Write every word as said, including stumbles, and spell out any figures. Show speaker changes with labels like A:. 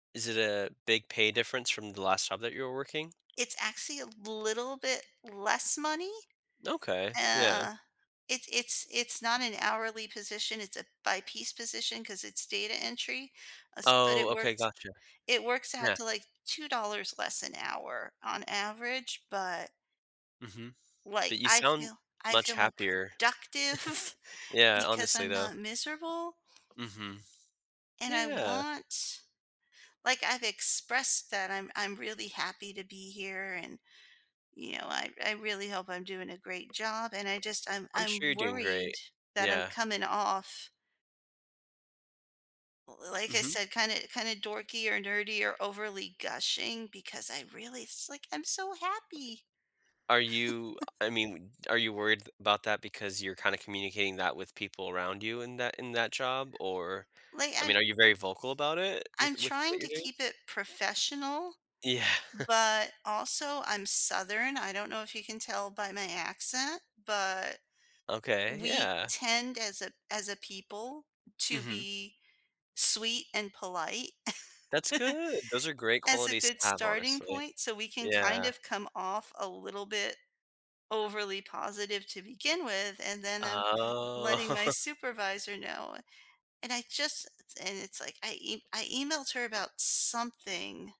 A: Is it a big pay difference from the last job that you were working?
B: It's actually a little bit less money.
A: Okay. Yeah.
B: Yeah. It it's it's not an hourly position, it's a by-piece position 'cause it's data entry, uh, s but it
A: Oh, okay.
B: works
A: Gotcha.
B: it works out
A: Yeah.
B: to, like, two dollars less an hour on average, but
A: Mhm. But
B: like,
A: you
B: I
A: sound
B: feel I
A: much
B: feel more
A: happier.
B: productive
A: Yeah,
B: because
A: honestly,
B: I'm
A: though.
B: not miserable
A: Mhm.
B: and I
A: Yeah.
B: want like, I've expressed that I'm I'm really happy to be here, and, you know, I I really hope I'm doing a great job, and I just I'm
A: I'm sure
B: I'm
A: you're doing
B: worried
A: great.
B: that I'm
A: Yeah.
B: coming off l l like I
A: Mhm.
B: said, kinda kinda dorky or nerdy or overly gushing because I really it's like, I'm so happy.
A: Are you I mean, are you worried about that because you're kinda communicating that with people around you in that in that job, or,
B: Like,
A: I
B: I
A: mean, are you very vocal about it with
B: I'm
A: with what
B: trying
A: you're
B: to
A: doing?
B: keep it professional,
A: Yeah.
B: but, also, I'm Southern, I don't know if you can tell by my accent, but
A: Okay,
B: we
A: yeah.
B: tend as a as a people to
A: Mhm.
B: be sweet and polite
A: That's good, those are great
B: as a
A: qualities to
B: good
A: have,
B: starting
A: honestly.
B: point, so we can kind
A: Yeah.
B: of come off a little bit overly positive to begin with, and then I'm
A: Oh.
B: letting my supervisor know, and I just and it's like, I e I emailed her about something.